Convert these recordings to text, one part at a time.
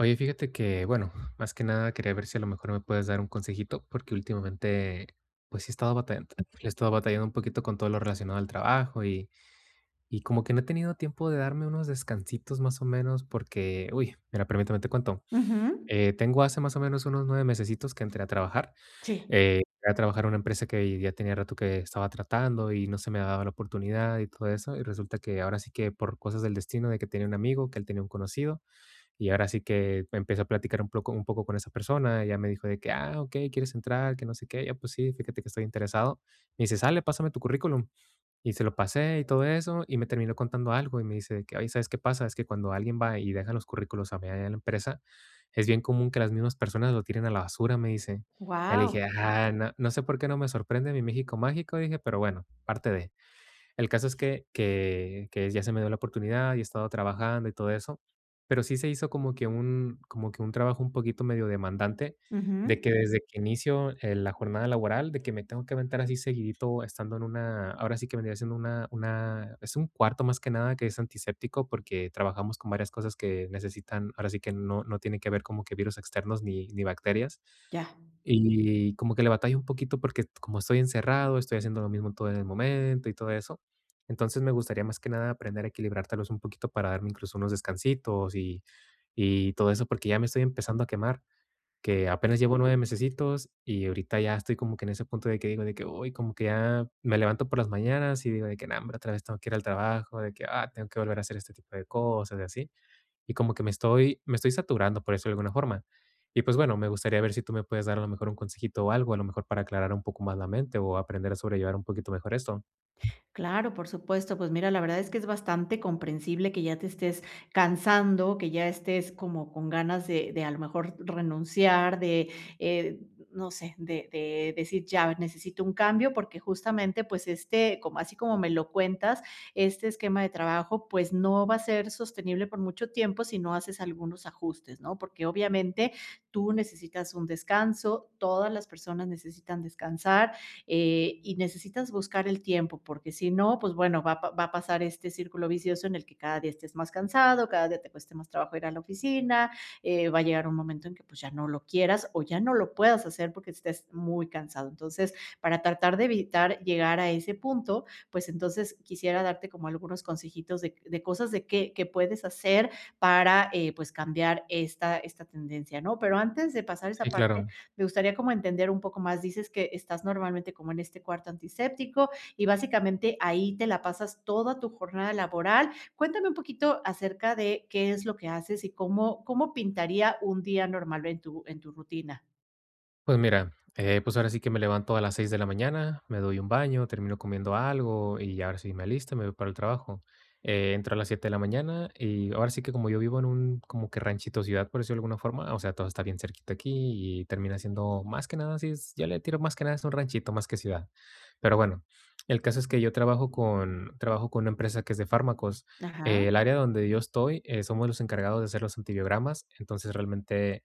Oye, fíjate que, bueno, más que nada quería ver si a lo mejor me puedes dar un consejito, porque últimamente, pues si he estado batallando he estado batallando un poquito con todo lo relacionado al trabajo, y y como que no he tenido tiempo de darme unos descansitos, más o menos, porque, uy. Mira permítame, te cuento, Ujú. eh, tengo hace más o menos unos 9 mesesitos que entré a trabajar, Sí. eh, entré a trabajar a una empresa que ya tenía rato que estaba tratando y no se me daba la oportunidad y todo eso. Y resulta que ahora sí que por cosas del destino de que tenía un amigo, que él tenía un conocido. Y ahora sí que empecé a platicar un poco un poco con esa persona. Ella me dijo de que: "Ah, okey, quieres entrar, que no sé qué". "Y yo pues sí, fíjate que estoy interesado". Me dice: "Sale, pásame tu currículum". Y se lo pasé y todo eso. Y me termino contando algo me dice que: "Oye, ¿sabes qué pasa? Es que cuando alguien va y deja los currículos a mi, allá a la empresa, es bien común que las mismas personas lo tiren a la basura", me dice. Ya le Guau. dije: "Ah, no no sé por qué no me sorprende mí México mágico", dije, pero bueno, parte de. El caso es que que que ya se me dio la oportunidad y he estado trabajando y todo eso. Pero sí se hizo como que un como que un trabajo un poquito medio demandante de Ujú. que desde que inicio eh la jornada laboral, de que me tengo que aventar así seguidito estando en una, ahora sí que vendría siendo una una es un cuarto más que nada que es antiséptico porque trabajamos con varias cosas que necesitan, ahora sí que no no tiene que no tiene que ver como que virus externos ni ni bacterias. Ya. Y como que le batallo un poquito porque como estoy encerrado, estoy haciendo lo mismo todo en el momento y todo eso. Entonces me gustaría más que nada aprender a equilibrártelos un poquito para darme incluso unos descansitos y y todo eso, porque ya me estoy empezando a quemar, que apenas llevo 9 mesecitos y ahorita ya estoy como que en ese punto de que digo, de que: "Uy", como que ya me levanto por las mañanas y digo de que: "No hombre otra vez tengo que ir al trabajo, de que: "Ah, tengo que volver a hacer este tipo de cosas" y así. Y como que me estoy me estoy saturando, por eso de alguna forma. Y pues bueno, me gustaría ver si tú me puedes dar a lo mejor un consejito o algo, a lo mejor para aclarar un poco más la mente o aprender a sobrellevar un poquito mejor esto. Claro, por supuesto, pues mira, la verdad es que es bastante comprensible que ya te estés cansando, que ya estés como con ganas de de a lo mejor renunciar, de, eh, n no sé, de de decir ya necesito un cambio, porque justamente, pues este, como así como me lo cuentas, este esquema de trabajo, pues no va a ser sostenible por mucho tiempo si no haces algunos ajustes, ¿no? Porque obviamente tú necesitas un descanso, todas las personas necesitan descansar, eh, y necesitas buscar el tiempo, porque si no, pues bueno, va a p va a pasar este círculo vicioso en el que cada día estés más cansado, cada día te cueste más trabajo ir a la oficina, eh, va a llegar un momento en que pues ya no lo quieras o ya no lo puedas hacer porque estés muy cansado. Entonces, para tratar de evitar llegar a ese punto, pues entonces quisiera darte como algunos consejitos de c de cosas de que que puedes hacer para, eh, pues, cambiar esta esta tendencia, ¿no? Pero antes de pasar a esa Sí, parte, claro. me gustaría como entender un poco más. Dices que estás normalmente como en este cuarto antiséptico y básicamente ahí te la pasas toda tu jornada laboral. Cuéntame un poquito acerca de, qué es lo que haces y cómo cómo pintaría un día normal en tu en tu rutina. Pues, mira, eh, pues, ahora sí que me levanto a las 6 de la mañana, me doy un baño, termino comiendo algo, y ahora sí me alisto me voy para el trabajo. Eh, entro a las 7 de la mañana, y ahora sí que como yo vivo en un como que ranchito, ciudad, por decirlo de alguna forma, o sea, todo está bien cerquita aquí y termina siendo más que nada, así es, ya le tiro más que nada es un ranchito más que ciudad. Pero bueno, el caso es que yo trabajo con trabajo con una empresa que es de fármacos. Ajá. El área donde yo estoy, eh, somos los encargados de hacer los antibiogramas. Entonces, realmente,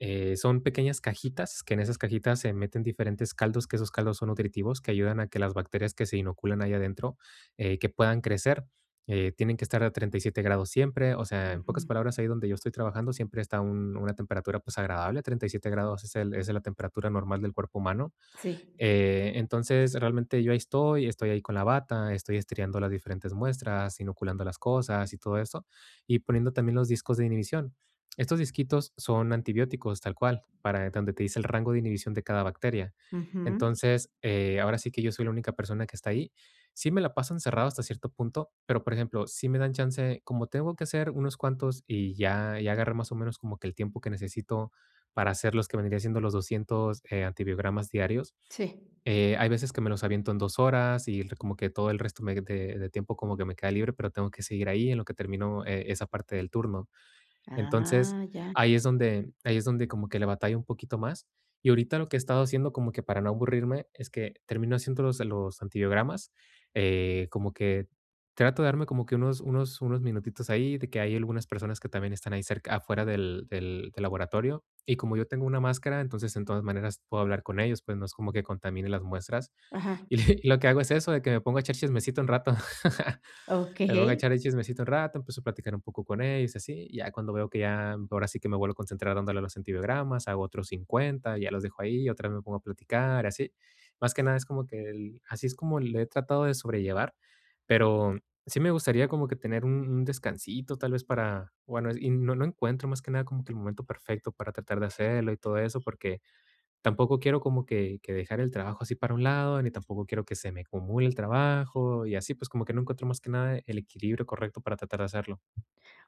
eh, son pequeñas cajitas, que en esas cajitas se meten diferentes caldos, que esos caldos son nutritivos, que ayudan a que las bacterias que se inoculan ahí adentro, eh, que puedan crecer, eh, tienen que estar a 37 grados siempre. O sea, en pocas Ujú. palabras, ahí donde yo estoy trabajando siempre está un una temperatura, pues, agradable. 37 grados es el esa es la temperatura normal del cuerpo humano. Sí. Eh, entonces, realmente yo ahí estoy, estoy ahí con la bata, estoy estiriando las diferentes muestras, inoculando las cosas y todo eso. Y poniendo también los discos de inhibición. Estos disquitos son antibióticos, tal cual, para donde te dice el rango de inhibición de cada bacteria. Ujú. Entonces, eh, ahora sí que yo soy la única persona que está ahí. Sí me la paso cerrado hasta cierto punto, pero, por ejemplo, sí me dan chance como tengo que hacer unos cuantos, y ya ya agarré, más o menos, como que el tiempo que necesito para hacerlos, que vendría siendo los 200, eh, antibiogramas diarios, Sí. eh, hay veces que me los aviento en 2 horas y r como que todo el resto me de de tiempo como que me queda libre, pero tengo que seguir ahí en lo que termino eh esa parte del turno. Entonces, Ah, ya. ahí es donde ahí es donde como que le batallo un poquito más. Y ahorita lo que he estado haciendo como que para no aburrirme es que termino haciéndolos, eh, los antibiogramas eh como que trato de darme como que unos unos unos minutitos ahí de que hay algunas personas que también están ahí cerc afuera del del del laboratorio. Y como yo tengo una máscara, entonces, en todas maneras puedo hablar con ellos, pues, no es como que contamine las muestras. Ajá. Y y lo que hago es eso, de que me ponga echar chismecito un rato, me pongo Okey. echar el chismecito un rato, empiezo a platicar un poco con ellos así. Ya cuando veo que ya ahora sí que me vuelvo a concentrar dándole a los antibióticos, hago otros 50, ya los dejo ahí, y otra vez me pongo a platicar así. Más que nada es como que el así es como le he tratado de sobrellevar, pero sí me gustaría como que tener un un descansito tal vez para bueno es y no encuentro más que nada como que el momento perfecto para tratar de hacerlo y todo eso. Porque tampoco quiero como que que dejar el trabajo así para un lado, ni tampoco quiero que se me acumule el trabajo y así, pues, como que no encuentro más que nada el equilibrio correcto para tratar de hacerlo.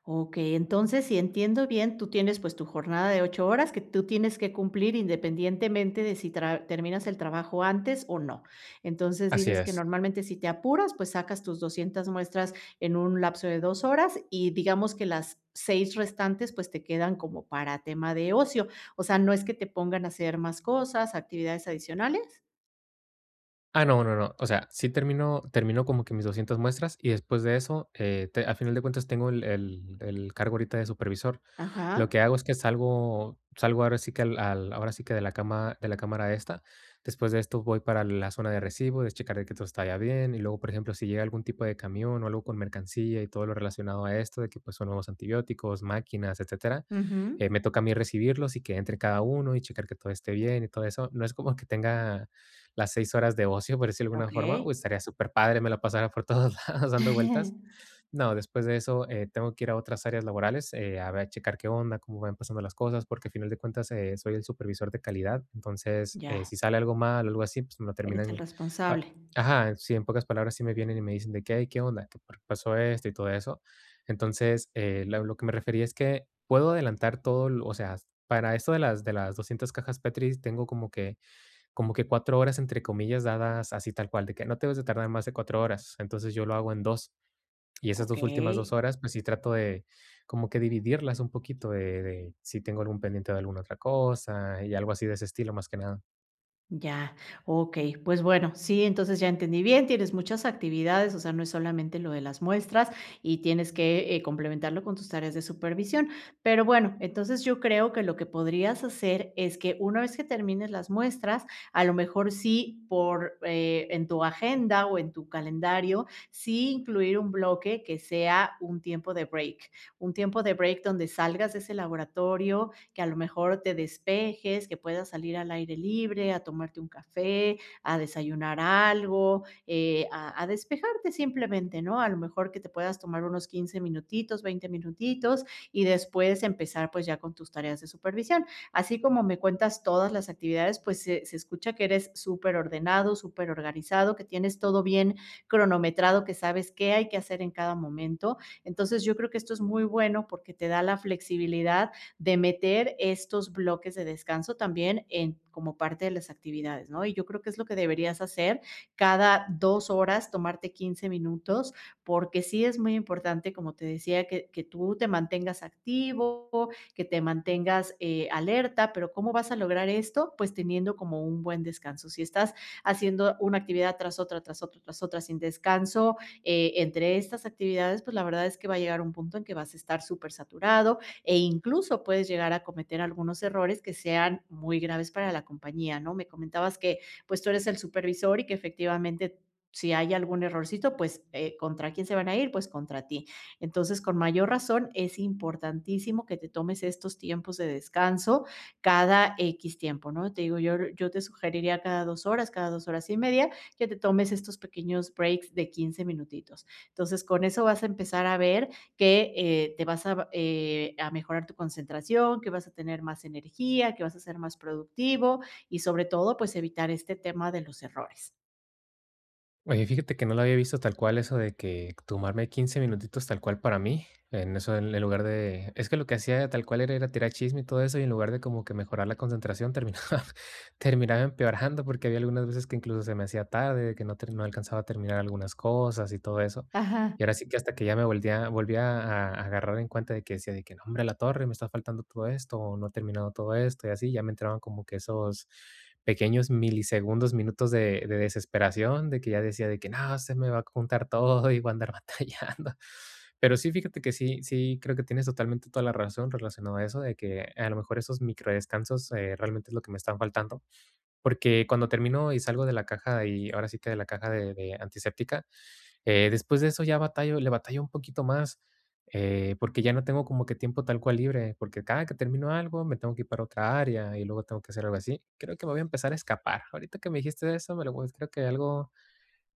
Okey. Entonces, si entiendo bien, tú tienes, pues, tu jornada de 8 horas que tú tienes que cumplir independientemente de si tra terminas el trabajo antes, o no. Entonces, Así dices que es. normalmente si te apuras, pues, sacas tus 200 muestras en un lapso de 2 horas, y digamos que las 6 restantes, pues, te quedan como para tema de ocio. O sea, ¿no es que te pongan a hacer más cosas, actividades adicionales? Ah, no no no. O sea, sí termino termino como que mis 200 muestras, y después de eso, eh, te a final de cuentas tengo el el el cargo ahorita de supervisor. Lo Ajá. que hago es que salgo salgo ahora sí que al al ahora sí que de la cama de la cámara esta. Después de esto voy para la zona de recibo, de checar el que todo está ya bien, y luego, por ejemplo, sí llega algun tipo de camión o algo con mercancía y todo lo relacionado a esto de que pues, son nuevos antibióticos, máquinas, etcétera, Ujú. eh, me toca a mí recibirlos y que entre cada uno y checar que todo esté bien y todo eso. No es como que tenga las 6 horas de ocio, por decirlo de alguna forma. Okey. Uy, estaría superpadre, me la pasara por todos lados dando vueltas. No, después de eso, eh, tengo que ir a otras áreas laborales, eh, a ver, checar qué onda, cómo van pasando las cosas, porque al final de cuentas, eh, soy el supervisor de calidad. Entonces, eh, Ya. si sale algo mal o algo así, pues me lo Eres el terminan ap responsable. ajá, sí. En pocas palabras sí me vienen y me dicen de qué: "Ay, ¿qué onda?, ¿qué por qué pasó esto?, y todo eso. Entonces, eh, la lo que me refería es que, puedo adelantar todo lo o sea, para esto de las de las 200 cajas Petris tengo como que como que 4 horas, entre comillas, dadas así tal cual, de que no te debes de tardar más de 4 horas. Entonces, yo lo hago en 2. Y esas 2 últimas 2 Okey. horas, pues sí trato de como que dividirlas un poquito, eh, de si tengo algún pendiente de algun otra cosa y algo así de ese estilo, más que nada. Ya, okey. Pues, bueno, sí, entonces, ya entendí bien, tienes muchas actividades, o sea, no es solamente lo de las muestras y tienes que, eh, complementarlo con tus tareas de supervisión. Pero bueno, entonces, yo creo que lo que podrías hacer es que, una vez que termines las muestras, a lo mejor sí por, eh, en tu agenda o en tu calendario, sí incluir un bloque que sea un tiempo de break un tiempo de break donde salgas de ese laboratorio, que a lo mejor te despejes, que puedas salir al aire libre a tomarte un café, a desayunar algo, eh, a a despejarte simplemente ¿no? A lo mejor que te puedas tomar unos 15 minutitos, 20 minutitos y después empezar, pues, ya con tus tareas de supervisión. Así como me cuentas todas las actividades, pues, se se escucha que eres súper ordenado, súper organizado, que tienes todo bien cronometrado, que sabes qué hay que hacer en cada momento. Entonces, yo creo que esto es muy bueno porque te da la flexibilidad de meter estos bloques de descanso también en como parte de las actividades ¿no? Y yo creo que es lo que deberías hacer cada 2 horas, tomarte 15 minutos, porque sí es muy importante, como te decía, que que tú te mantengas activo, que te mantengas, eh, alerta, pero ¿cómo vas a lograr esto? Pues, teniendo como un buen descanso. Si estás haciendo una actividad tras otra, tras otra, tras otra, sin descanso, eh, entre estas actividades, pues, la verdad es que va a llegar a un punto en que vas a estar súper saturado, e incluso puedes llegar a cometer algunos errores que sean muy graves para la compañía ¿no? Me comentabas que, pues, tú eres el supervisor y que efectivamente si hay algún errorcito, pues, eh, ¿contra quién se van a ir? Pues, contra ti. Entonces, con mayor razón es importantísimo que te tomes estos tiempos de descanso cada X tiempo ¿No? Te digo, yo, yo te sugeriría cada 2 horas, cada 2 horas y media, que te tomes estos pequeños breaks de 15 minutitos. Entonces, con eso vas a empezar a ver que, eh, te vas a, eh, a mejorar tu concentración, que vas a tener más energía, que vas a ser más productivo y sobre todo, pues, evitar este tema de los errores. Oye, fíjate que, no lo había visto tal cual eso de que tomarme 15 minutitos tal cual para mí, en eso, en el lugar de es que lo que hacía tal cual era ir a tirar el chisme y todo eso, y en lugar de como que mejorar la concentración, terminaba terminaba empeorando, porque había algunas veces que incluso se me hacía tarde, de que no ter no alcanzaba a terminar algunas cosas y todo eso, Ajá. y ahora sí que, hasta que ya me volvía a volvía a a a agarrar en cuenta de que decía, de que: "Nombre, la torre me está faltando todo esto, o no he terminado todo esto", y así, ya me entraban como que esos pequeños milisegundos, minutos de de desesperación, de que ya decía de que: "No, se me va a juntar todo y voy a andar batallando", pero sí, fíjate que sí sí creo que tienes totalmente toda la razón relacionado a eso, de que, a lo mejor, esos micro descansos, eh, realmente es lo que me están faltando, porque cuando termino y salgo de la caja y, ahora sí que, de la caja de de antiséptica, eh, después de eso ya batallo, le batallo un poquito más, eh, porque ya no tengo como que tiempo tal cual libre, porque cada que termino algo, me tengo que ir para otra área, y luego tengo que hacer algo así, creo que me voy a empezar a escapar, ahorita que me dijiste de eso, me lo voy creo que algo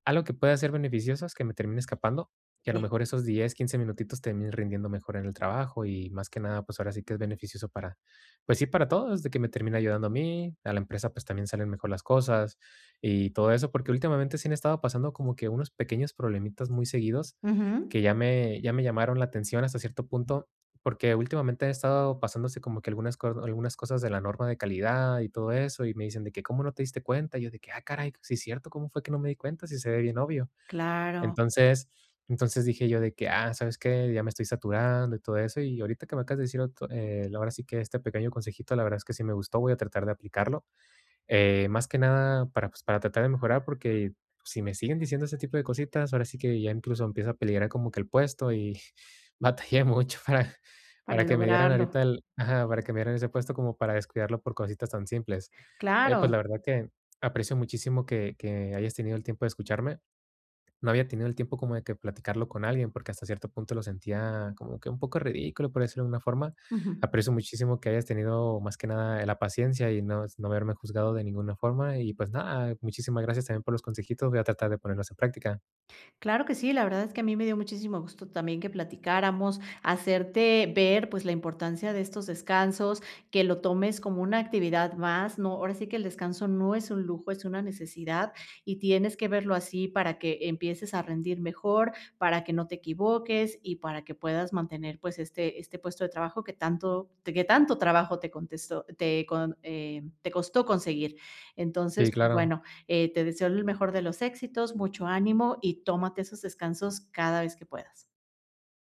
algo que pueda ser beneficioso es que me termine escapando, y a lo Si. mejor esos 10, 15 minutitos terminen rindiendo mejor en el trabajo y más que nada, pues, ahora sí que, es beneficioso para, pues, sí para todos, de que me termine ayudando a mí, a la empresa, pues, también salen mejor las cosas y todo eso, porque últimamente sí han estado pasando como que unos pequeños problemitas muy seguidos, Ujú. que ya me ya me llamaron la atención hasta cierto punto, porque últimamente han estado pasándose como que algunas algunas co algunas cosas de la norma de calidad y todo eso, y me dicen de que: "¿Cómo no te diste cuenta?", y yo de que: "Ah, caray, si es cierto, ¿cómo fue que no me di cuenta?, si se ve bien, obvio", Claro. entonces entonces dije yo de que: "Ah, ¿sabes qué?, ya me estoy saturando y todo eso", y ahorita que me acabas de decir ot eh, la verdad, sí que este pequeño consejito, la verdad es que, sí me gustó, voy a tratar de aplicarlo, eh, más que nada, para, pues, para tratar de mejorar porque si me siguen diciendo ese tipo de cositas, ahora sí que ya incluso empiezo a peligrar como que el puesto, y batallé mucho para Para para que me dieran lograrlo. ahorita el ajá, para que me dieran ese puesto, como para descuidarlo por cositas tan simples. Oye, pues, la Claro. verdad que, aprecio muchísimo que que hayas tenido el tiempo de escucharme, no había tenido el tiempo como de que platicarlo con alguien, porque hasta cierto punto lo sentía como que un poco ridículo, por decirlo de alguna forma, Ujú. aprecio muchísimo que hayas tenido, más que nada, eh, la paciencia y nos no haberme juzgado de ninguna forma, y, pues, nada, muchísimas gracias también por los consejitos, voy a tratar de ponerlos en práctica. Claro que sí, la verdad es que a mí me dio muchísimo gusto también que platicáramos, hacerte ver, pues, la importancia de estos descansos, que lo tomes como una actividad más, ¿no?, ahora sí que, el descanso no es un lujo, es una necesidad, y tienes que verlo así para que empieces a rendir mejor, para que no te equivoques y para que puedas mantener, pues, este este puesto de trabajo que tanto te que tanto trabajo te contestó te con eh, te costó conseguir, Sí, entonces, claro. bueno, eh, te deseo el mejor de los éxitos, mucho ánimo, y tómate esos descansos cada vez que puedas.